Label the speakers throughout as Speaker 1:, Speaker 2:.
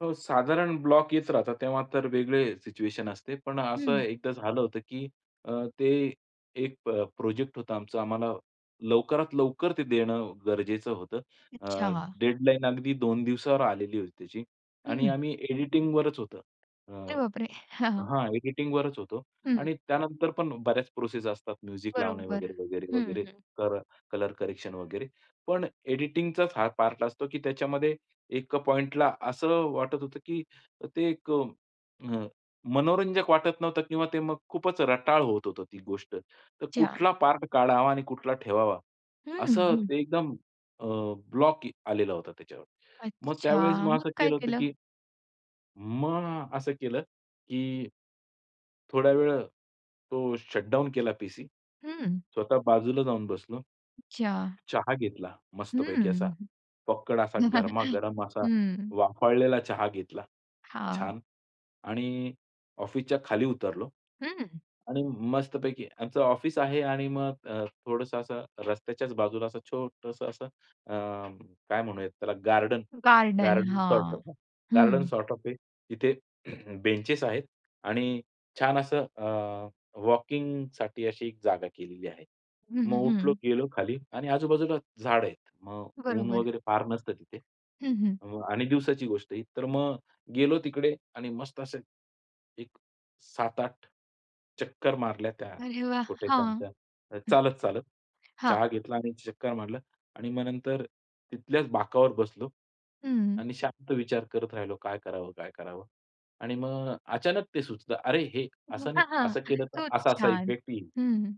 Speaker 1: हो. साधारण ब्लॉक येत राहतात. तेव्हा तर वेगळे सिच्युएशन असते. पण असं
Speaker 2: हं.
Speaker 1: एकदा झालं होतं, की अ, ते एक प प्रोजेक्ट होता आमचा. आम्हाला लवकरात लवकर ते देणं गरजेचं होतं. अ,
Speaker 2: अच्छा.
Speaker 1: डेडलाईन अगदी 2 दिवसावर आलेली होती त्याची आणि
Speaker 2: हं.
Speaker 1: आम्ही एडिटिंगवरच होतं. अ,
Speaker 2: अरे बापरे! हां, हां.
Speaker 1: हां. एडिटिंगवरच होतो.
Speaker 2: हं.
Speaker 1: आणि त्यानंतर पण बऱ्याच प्रोसेस असतात. म्युझिक लावणे
Speaker 2: बरोबर.
Speaker 1: वगैरे, वगैरे,
Speaker 2: हं,
Speaker 1: वगैरे,
Speaker 2: हं.
Speaker 1: तर कलर करेक्शन वगैरे. पण एडिटिंगचाच हा पार्ट असतो, की त्याच्यामध्ये एक पॉइंटला असं वाटत होतं, की ते एक अ, मनोरंजक वाटत नव्हतं किंवा ते मग खूपच रटाळ होत होतं ती गोष्ट. तर
Speaker 2: अच्छा.
Speaker 1: कुठला पार्ट काढावा आणि कुठला ठेवावा.
Speaker 2: हं,
Speaker 1: असं
Speaker 2: हं.
Speaker 1: ते एकदम अ, ब्लॉक आलेला होता त्याच्यावर. मग त्यावेळेस
Speaker 2: अच्छा!
Speaker 1: मग
Speaker 2: मग
Speaker 1: असं
Speaker 2: काय
Speaker 1: केलं होतं,
Speaker 2: केलं?
Speaker 1: की मग असं केलं, की थोड्यावेळ तो शटडाउन केला पीसी.
Speaker 2: हं.
Speaker 1: स्वतः बाजूला जाऊन बसलो.
Speaker 2: अच्छा.
Speaker 1: चहा घेतला मस्तपैकी असा
Speaker 2: हं.
Speaker 1: फक्कड असा गरमागरम असा
Speaker 2: हं.
Speaker 1: वाफाळलेला चहा घेतला,
Speaker 2: हां.
Speaker 1: छान. आणि ऑफिसच्या खाली उतरलो.
Speaker 2: हं.
Speaker 1: आणि मस्तपैकी आमचं ऑफिस आहे आणि मग थोडंसं असं रस्त्याच्याच बाजूला असं छोटंसं असं अ, काय म्हणूयात त्याला गार्डन,
Speaker 2: गार्डन.
Speaker 1: गार्डन सॉर्ट
Speaker 2: हां.
Speaker 1: ऑफ, गार्डन
Speaker 2: हं.
Speaker 1: सॉर्ट ऑफ आहे. तिथे बेंचेस आहेत आणि छान असं अ, वॉकिंगसाठी अशी एक जागा केलेली आहे.
Speaker 2: हं,
Speaker 1: मग
Speaker 2: हं,
Speaker 1: उठलो,
Speaker 2: हं.
Speaker 1: गेलो खाली आणि आजूबाजूला झाडं आहेत. मग ऊन
Speaker 2: बरोबर.
Speaker 1: वगैरे फार नसतं तिथे.
Speaker 2: हं, हं.
Speaker 1: अ, आणि दिवसाची गोष्ट ही. तर मग गेलो तिकडे आणि मस्त असे एक 7-8 चक्कर मारल्या त्या
Speaker 2: अरे वाह!
Speaker 1: छोट्याश्या
Speaker 2: हां. हं.
Speaker 1: आमच्या, चालत-चालत.
Speaker 2: हां.
Speaker 1: चहा घेतला आणि चक्कर मारलं. आणि मग नंतर तिथल्याच बाकावर बसलो
Speaker 2: हं.
Speaker 1: आणि शांत विचार करत राहिलो काय करावं, काय करावं? आणि मग अचानक ते सुचलं. अरे! हे असं नाही, असं
Speaker 2: [unintelligible]
Speaker 1: केलं तर
Speaker 2: खूप
Speaker 1: असा-असा
Speaker 2: छान.
Speaker 1: इफेक्ट येईल.
Speaker 2: हं.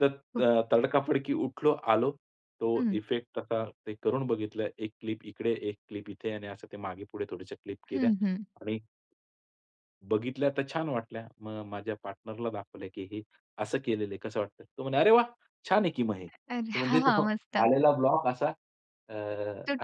Speaker 1: तर
Speaker 2: खूप.
Speaker 1: अ, तडकाफडकी उठलो, आलो. तो
Speaker 2: हं.
Speaker 1: इफेक्ट आता ते करून बघितलं, एक क्लिप इकडे एक क्लिप इथे आणि असं ते मागे-पुढे थोड्याश्या क्लिप केल्या
Speaker 2: हं, हं.
Speaker 1: आणि बघितल्या तर छान वाटल्या. मग माझ्या पार्टनरला दाखवलं, की "हे असं केलेलं आहे कसं वाटतंय?" तो म्हणला "अरे वाह! छान आहे की मग हे."
Speaker 2: अरे!
Speaker 1: म्हणजे तो
Speaker 2: हां. मस्त.
Speaker 1: आलेला ब्लॉक असा अ,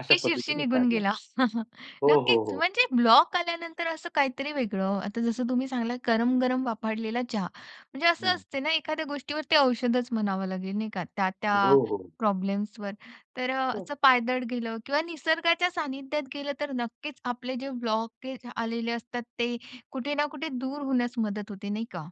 Speaker 1: अशा पद्धतीने
Speaker 2: निघून
Speaker 1: काढला.
Speaker 2: गेला.
Speaker 1: हो, हो,
Speaker 2: नक्कीच
Speaker 1: हो.
Speaker 2: म्हणजे ब्लॉक आल्यानंतर असं काहीतरी वेगळं. आता जसं तुम्ही सांगितलं गरम-गरम वाफाळलेला चहा. म्हणजे असं
Speaker 1: हं.
Speaker 2: असते ना एखाद्या गोष्टीवर ते औषधच म्हणावं लागेल नाही का त्या-त्या
Speaker 1: हो, हो.
Speaker 2: प्रॉब्लेम्सवर तर.
Speaker 1: हो.
Speaker 2: असं पायदळ गेलं किंवा निसर्गाच्या सानिध्यात गेलं तर नक्कीच आपले जे ब्लॉकेज आलेले असतात ते कुठे ना कुठे दूर होण्यास मदत होते, नाही का?